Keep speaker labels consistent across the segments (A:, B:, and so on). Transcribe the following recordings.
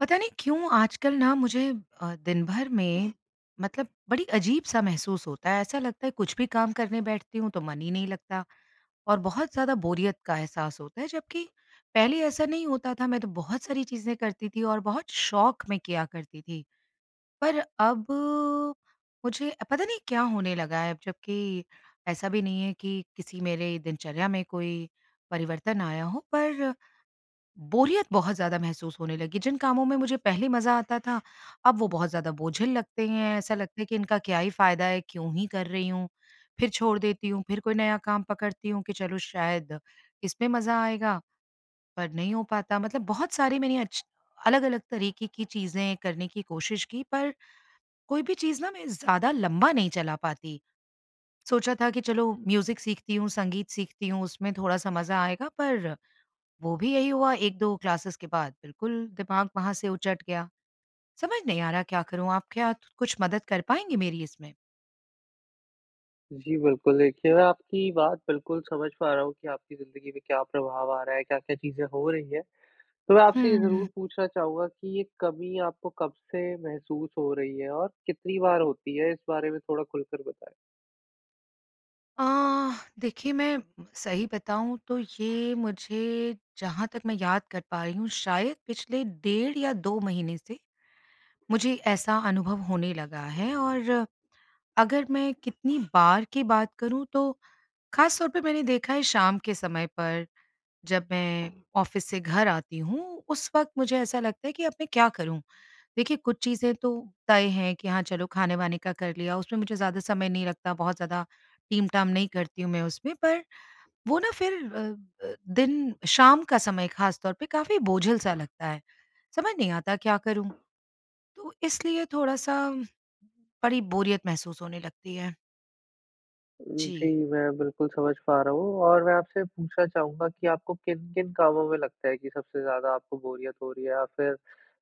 A: पता नहीं क्यों आजकल ना मुझे अ, दिनभर में मतलब बड़ी अजीब-सा महसूस होता है, ऐसा लगता है कुछ भी काम करने बैठती हूँ तो मन ही नहीं लगता। और बहुत ज़्यादा बोरियत का एहसास होता है, जबकि पहले ऐसा नहीं होता था, मैं तो बहुत सारी चीज़ें करती थी और बहुत शौक़ मैं किया करती थी। पर अब, मुझे पता नहीं क्या होने लगा हैं? अब जबकि ऐसा भी नहीं है कि किसी मेरे दिनचर्या में कोई परिवर्तन आया हो पर, बोरियत बहुत ज़्यादा महसूस होने लगी। जिन कामों में मुझे पहले मज़ा आता था, अब वो बहुत ज़्यादा बोझिल लगते हैं, ऐसा लगता है कि इनका क्या ही फ़ायदा है, क्यों ही कर रही हूँ? फिर छोड़ देती हूँ, फिर कोई नया काम पकड़ती हूँ कि चलो शायद इसमें मज़ा आएगा, पर नहीं हो पाता। मतलब बहुत सारी मैंने अच्छी अलग-अलग तरीके की चीज़ें करने की कोशिश की पर कोई भी चीज़ ना मैं ज़्यादा लम्बा नहीं चला पाती। सोचा था कि, चलो म्यूज़िक सीखती हूँ, संगीत सीखती हूँ, उसमें थोड़ा-सा मज़ा आएगा पर, वो भी यही हुआ 1-2 क्लासेस के बाद बिल्कुल दिमाग वहाँ से उचट गया। समझ नहीं आ रहा क्या करूँ? आप क्या कुछ मदद कर पाएँगे मेरी इसमें?
B: जी बिल्कुल, देखिए मैं आपकी बात बिल्कुल समझ पा रहा हूँ कि आपकी ज़िंदगी में क्या प्रभाव आ रहा है, क्या-क्या चीज़ें हो रही है। तो मैं आपसे ये
A: हम्म।
B: ज़रूर पूछना चाहूँगा कि ये कमी आपको कब से महसूस हो रही है और कितनी बार होती है, इस बारे में थोड़ा खुलकर बताएँ?
A: अ, देखिए मैं सही बताऊँ, तो ये मुझे जहाँ तक मैं याद कर पा रही हूँ, शायद पिछले डेढ़ या 2 महीने से मुझे ऐसा अनुभव होने लगा है और अगर मैं कितनी बार की बात करूँ तो, ख़ास तौर पे मैंने देखा है शाम के समय पर, जब मैं ऑफिस से घर आती हूँ, उस वक़्त मुझे ऐसा लगता है कि अब मैं क्या करूँ? देखिए कुछ चीज़ें तो, तय है कि हाँ चलो खाने-वाने का कर लिया, उसमें मुझे ज़्यादा समय नहीं लगता, बहुत ज़्यादा टीम-टाम नहीं करती हूँ, मैं उसमें पर वो ना फिर अ अ, दिन शाम का समय ख़ास तौर पे, काफ़ी बोझिल सा लगता है। समझ नहीं आता क्या करूँ? तो इसलिए थोड़ा-सा, बड़ी बोरियत महसूस होने लगती है।
B: ऊ जी,
A: जी।
B: मैं बिल्कुल समझ पा रहा हूँ और मैं आपसे पूछना चाहूँगा कि आपको किन-किन कामों में लगता है कि, सबसे ज़्यादा आपको बोरियत हो रही है या फिर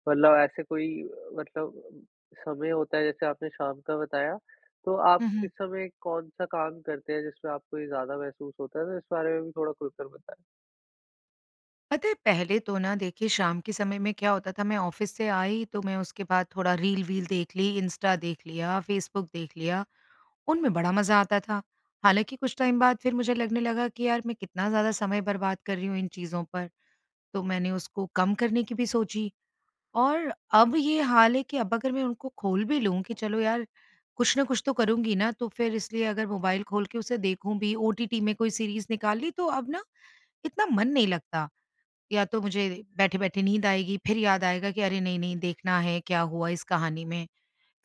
B: मतलब ऐसे कोई अ, मतलब समय होता है, जैसे आपने शाम का बताया, तो आप
A: हुँ,
B: इस
A: हुँ।
B: समय कौन-सा काम करते हैं, जिसमें आपको ये ज़्यादा महसूस होता है? तो इस बारे में भी थोड़ा खुलकर बताएँ।
A: पता है, पहले तो ना, देखिए, शाम के समय में क्या होता था, मैं ऑफ़िस से आई, तो मैं उसके बाद थोड़ा रील-वील देख ली, इंस्टा देख लिया, फ़ेसबुक देख लिया। उनमें बड़ा मज़ा आता था। हालाँकि कुछ टाइम बाद, फिर मुझे लगने लगा कि, "यार, मैं कितना ज़्यादा समय बर्बाद कर रही हूँ इन चीज़ों पर।" तो मैंने उसको कम करने की भी सोची और अब ये हाल है कि, अब अगर मैं उनको खोल भी लूँ कि चलो यार, कुछ न कुछ तो करुँगी ना, तो फिर इसलिए अगर मोबाइल खोल के उसे देखूँ भी, ओटीटी में कोई सीरीज़ निकाल ली, तो अब ना इतना मन नहीं लगता। या तो मुझे बैठे-बैठे नींद आएगी, फिर याद आएगा कि, "अरे! नहीं-नहीं, देखना है, क्या हुआ इस कहानी में।"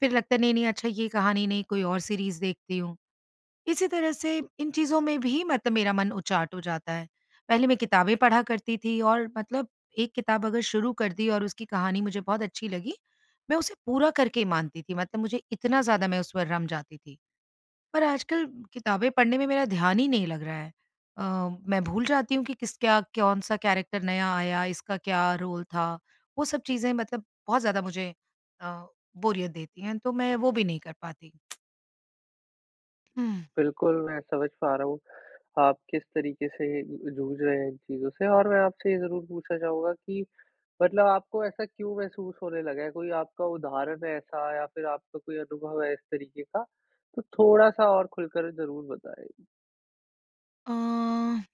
A: फिर लगता है, "नहीं-नहीं, अच्छा, ये कहानी नहीं, कोई और सीरीज़ देखती हूँ।" इसी तरह से इन चीज़ों में भी मतलब मेरा मन उचाट हो जाता है। पहले मैं किताबें पढ़ा करती थी और मतलब एक किताब अगर शुरू कर दी और उसकी कहानी मुझे बहुत अच्छी लगी, मैं उसे पूरा करके ही मानती थी, मतलब मुझे इतना ज़्यादा मैं उस पर रम जाती थी। पर आजकल किताबें पढ़ने में मेरा ध्यान ही नहीं लग रहा है। अ, मैं भूल जाती हूँ कि किसका, कौन-सा कैरेक्टर नया आया, इसका क्या रोल था, वो सब चीज़ें मतलब बहुत ज़्यादा मुझे अ, बोरियत देती हैं, तो मैं वो भी नहीं कर पाती। हुँ।
B: बिल्कुल, मैं समझ पा रहा हूँ। आप किस तरीके से ज जूझ रहे हैं इन चीज़ों से और मैं आपसे ये ज़रूर पूछना चाहूँगा कि मतलब आपको ऐसा क्यों महसूस होने लगा है, कोई आपका उदाहरण है ऐसा या फिर आपका कोई अनुभव है इस तरीके का तो थोड़ा-सा और खुलकर ज़रूर बताएँ?
A: अ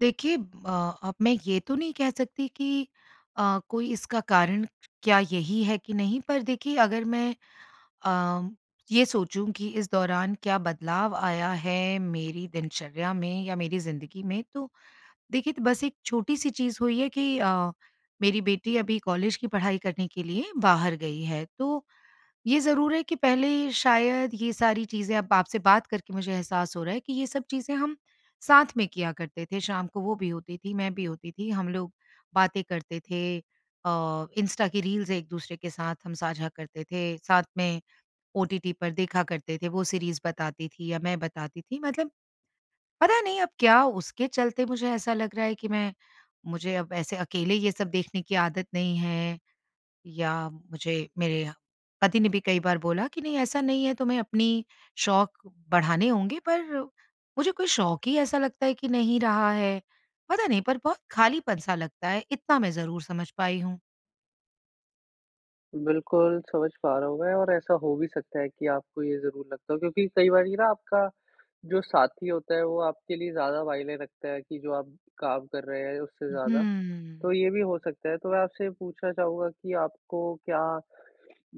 A: देखिए, अ, अब मैं ये तो नहीं कह सकती कि अ, कोई इसका कारण क्या यही है कि नहीं पर देखिए अगर मैं अ, ये सोचूँ कि इस दौरान क्या बदलाव आया है मेरी दिनचर्या में या मेरी ज़िंदगी में तो देखिए तो बस एक छोटी-सी चीज़ हुई है कि अ, मेरी बेटी अभी कॉलेज की पढ़ाई करने के लिए बाहर गई है। तो ये ज़रूर है कि पहले शायद ये सारी चीज़ें अब आपसे बात करके मुझे एहसास हो रहा है कि ये सब चीज़ें हम साथ में किया करते थे। शाम को वो भी होती थी, मैं भी होती थी, हम लोग बातें करते थे। अ, इंस्टा की रील्स एक-दूसरे के साथ हम साझा करते थे, साथ में ओटीटी पर देखा करते थे, वो सीरीज़ बताती थी या मैं बताती थी मतलब पता नहीं अब क्या उसके चलते मुझे ऐसा लग रहा है कि मैं मुझे अब ऐसे अकेले ये सब देखने की आदत नहीं है या मुझे मेरे पति ने भी कई बार बोला कि नहीं ऐसा नहीं है तुम्हे अपनी शौक बढ़ाने होंगे पर मुझे कोई शौक ही ऐसा लगता है कि नहीं रहा है। पता नहीं पर बहुत खालीपन-सा लगता है इतना मैं ज़रूर समझ पाई हूँ।
B: बिल्कुल, समझ पा रहा हूँ मैं और ऐसा हो भी सकता है कि आपको ये ज़रूर लगता हो, क्योंकि कई बारी ना आपका जो साथी होता है वो आपके लिए ज़्यादा मायने रखता है कि, जो आप काम कर रहे हैं उससे ज़्यादा,
A: हुँ।
B: तो ये भी हो सकता है। तो मैं आपसे पूछना चाहूँगा कि आपको क्या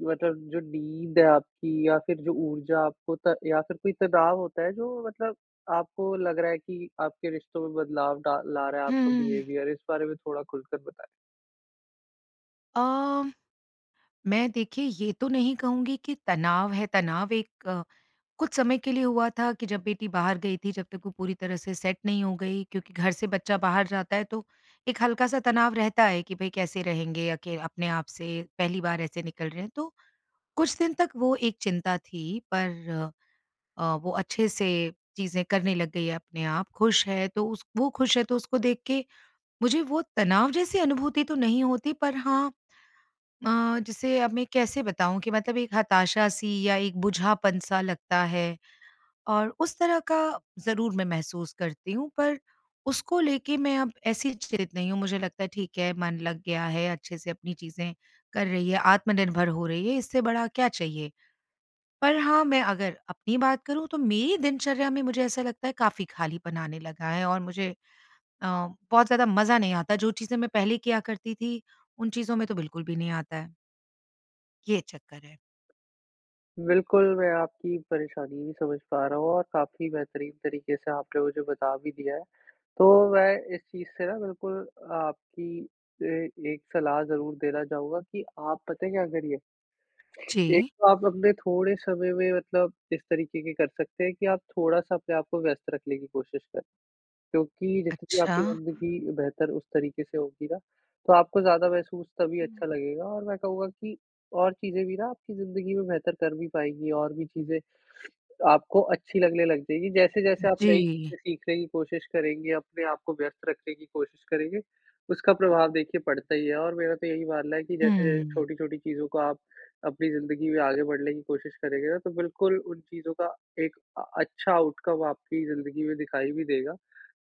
B: मतलब जो नींद है आपकी या फिर जो ऊर्जा आपको त या फिर कोई तनाव होता है जो मतलब आपको लग रहा है कि, आपके रिश्तों में बदलाव डा ला रहा है आपका
A: हुँ।
B: बिहेवियर, इस बारे में थोड़ा खुल कर बताएँ?
A: अ, मैं देखिए ये तो नहीं कहूँगी कि तनाव है, तनाव एक अ, कुछ समय के लिए हुआ था कि जब बेटी बाहर गई थी, जब तक वो पूरी तरह से सेट नहीं हो गई। क्योंकि घर से बच्चा बाहर जाता है तो, एक हल्का-सा तनाव रहता है कि भाई कैसे रहेंगे अके अ, अपने आप से, पहली बार ऐसे निकल रहे हैं। तो, कुछ दिन तक वो एक चिंता थी पर अ, वो अच्छे से चीज़ें करने लग गई है अपने आप, ख़ुश है तो उस वो ख़ुश है तो उसको देख के मुझे वो तनाव जैसी अनुभूति तो नहीं होती पर हाँ अ, जैसे अब मैं कैसे बताऊँ कि मतलब एक हताशा-सी या एक बुझापन सा लगता है। और उस तरह का ज़रूर मैं महसूस करती हूँ, पर उसको लेके मैं अब ऐसी चित नहीं हूँ मुझे लगता है ठीक है, मन लग गया है, अच्छे से अपनी चीज़ें कर रही है, आत्मनिर्भर हो रही है इससे बड़ा क्या चाहिए। पर हाँ, मैं अगर अपनी बात करूँ तो, मेरी दिनचर्या में मुझे ऐसा लगता है काफ़ी ख़ालीपन आने लगा है और मुझे अ, बहुत ज़्यादा मज़ा नहीं आता। जो चीज़ें मैं पहले किया करती थी, उन चीज़ों में तो बिल्कुल भी नहीं आता है। ये चक्कर है।
B: बिल्कुल, मैं आपकी परेशानी भी समझ पा रहा हूँ और काफ़ी बेहतरीन तरीके से आपने मुझे बता भी दिया है। तो मैं इस चीज़ से ना, बिल्कुल अ आपकी अ, एक सलाह ज़रूर देना चाहूँगा कि आप पता है क्या करिए? एक
A: जी।
B: तो आप अपने थोड़े समय में मतलब इस तरीके के कर सकते हैं कि आप थोड़ा-सा अपने आप को व्यस्त रखने की कोशिश करें। क्योंकि जितनी
A: अच्छा।
B: आपकी ज़िंदगी बेहतर उस तरीके से होगी ना तो आपको ज़्यादा महसूस तभी
A: हुँ।
B: अच्छा लगेगा और मैं कहूँगा कि और चीज़ें भी ना आपकी ज़िंदगी में बेहतर कर भी पाएँगी और भी चीज़ें आपको अच्छी लगने लग जाएगी। जैसे-जैसे आप नई
A: जी।
B: चीज़ें सीखने की कोशिश करेंगे अपने आप को व्यस्त रखने की कोशिश करेंगे उसका प्रभाव देखिए पड़ता ही है और मेरा तो यही मानना है कि जैसे-जैसे
A: हुँ।
B: छोटी-छोटी चीज़ों को आप अपनी ज़िंदगी में आगे बढ़ने की कोशिश करेंगे ना तो बिल्कुल उन चीज़ों का एक अ अच्छा आउटकम आपकी ज़िंदगी में दिखाई भी देगा।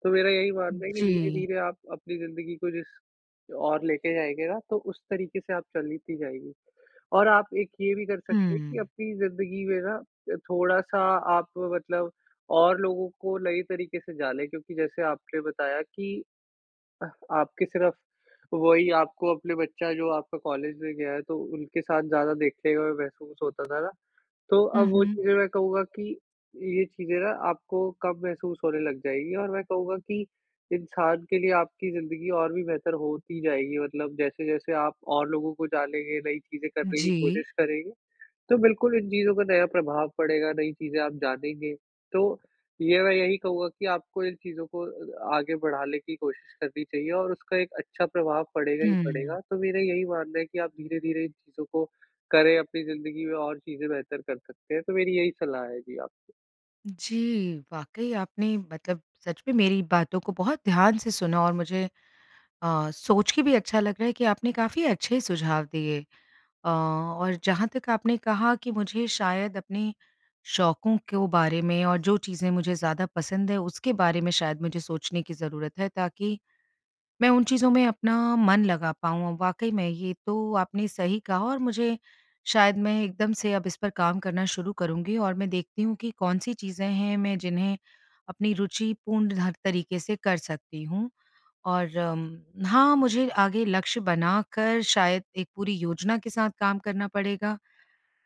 B: तो मेरा यही मानना है कि,
A: जी।
B: धीरे-धीरे आप अपनी ज़िंदगी को जिस ओर लेके जाएँगे ना तो उस तरीके से आप चलती जाएगी। और आप एक ये भी कर सकते हैं कि
A: हुँ।
B: अपनी ज़िंदगी में ना अ, थोड़ा-सा आप मतलब और लोगों को नए तरीके से जानें। क्योंकि जैसे आपने बताया कि अह आपके सिर्फ़ वही आपको अपने बच्चा जो आपका कॉलेज में गया है तो उनके साथ ज़्यादा देखने में महसूस होता था ना तो
A: हुँ,
B: अब वो
A: हुँ।
B: चीज़ें मैं कहूँगा कि ये चीज़ें ना आपको कम महसूस होने लग जाएँगी और मैं कहूँगा कि इंसान के लिए आपकी ज़िंदगी और भी बेहतर होती जाएगी मतलब जैसे-जैसे आप और लोगों को जानेंगे नई चीज़ें करने की
A: जी।
B: कोशिश करेंगे, तो बिल्कुल इन चीज़ों का नया प्रभाव पड़ेगा नई चीज़ें आप जानेंगे। तो ये मैं यही कहूँगा कि आपको इन चीज़ों को अ आगे बढ़ाने की कोशिश करनी चाहिए और उसका एक अच्छा प्रभाव पड़ेगा ही
A: हुँ।
B: पड़ेगा। तो मेरा यही मानना है कि आप धीरे-धीरे इन चीज़ों को करें अपनी ज़िंदगी में और चीज़ें बेहतर कर सकते हैं। तो मेरी यही सलाह है जी आपको।
A: जी, वाक़ई आपने मतलब सच में मेरी बातों को बहुत ध्यान से सुना और मुझे अ, सोच के भी अच्छा लग रहा है कि आपने काफ़ी अच्छे सुझाव दिए अ और जहाँ तक आपने कहा कि मुझे शायद अपने शौकों को बारे में और जो चीज़ें मुझे ज़्यादा पसंद है उसके बारे में शायद मुझे सोचने की ज़रूरत है ताकि मैं उन चीज़ों में अपना मन लगा पाऊँ। अ, वाक़ई में ये तो आपने सही कहा और मुझे शायद मैं एकदम से अब इस पर काम करना शुरू करूँगी और मैं देखती हूँ कि कौन-सी चीज़ें हैं मैं जिन्हें अपनी रूचिपूर्ण हर तरीके से कर सकती हूँ। और हाँ, मुझे आगे लक्ष्य बनाकर शायद एक पूरी योजना के साथ काम करना पड़ेगा।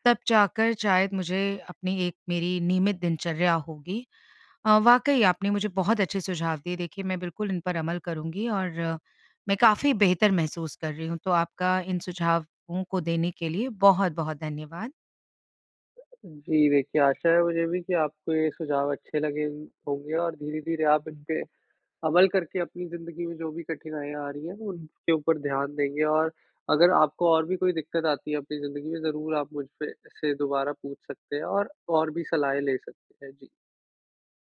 A: तब जाकर शायद मुझे अपनी एक मेरी नियमित दिनचर्या होगी। अ, वाक़ई आपने मुझे बहुत अच्छे सुझाव दिए। देखिए, मैं बिल्कुल इन पर अमल करूँगी और मैं काफ़ी बेहतर महसूस कर रही हूँ तो आपका इन सुझावों को देने के लिए बहुत-बहुत धन्यवाद।
B: जी देखिए, आशा है मुझे भी कि आपको ये सुझाव अच्छे लगे होंगे और धीरे-धीरे आप इनपे अमल करके अपनी ज़िंदगी में जो भी कठिनाइयाँ आ रही हैं वो उनके ऊपर ध्यान देंगे और अगर आपको और भी कोई दिक़्क़त आती है अपनी ज़िंदगी में ज़रूर आप मुझ पे से दोबारा पूछ सकते हैं और, और भी सलाहें ले सकते हैं। जी।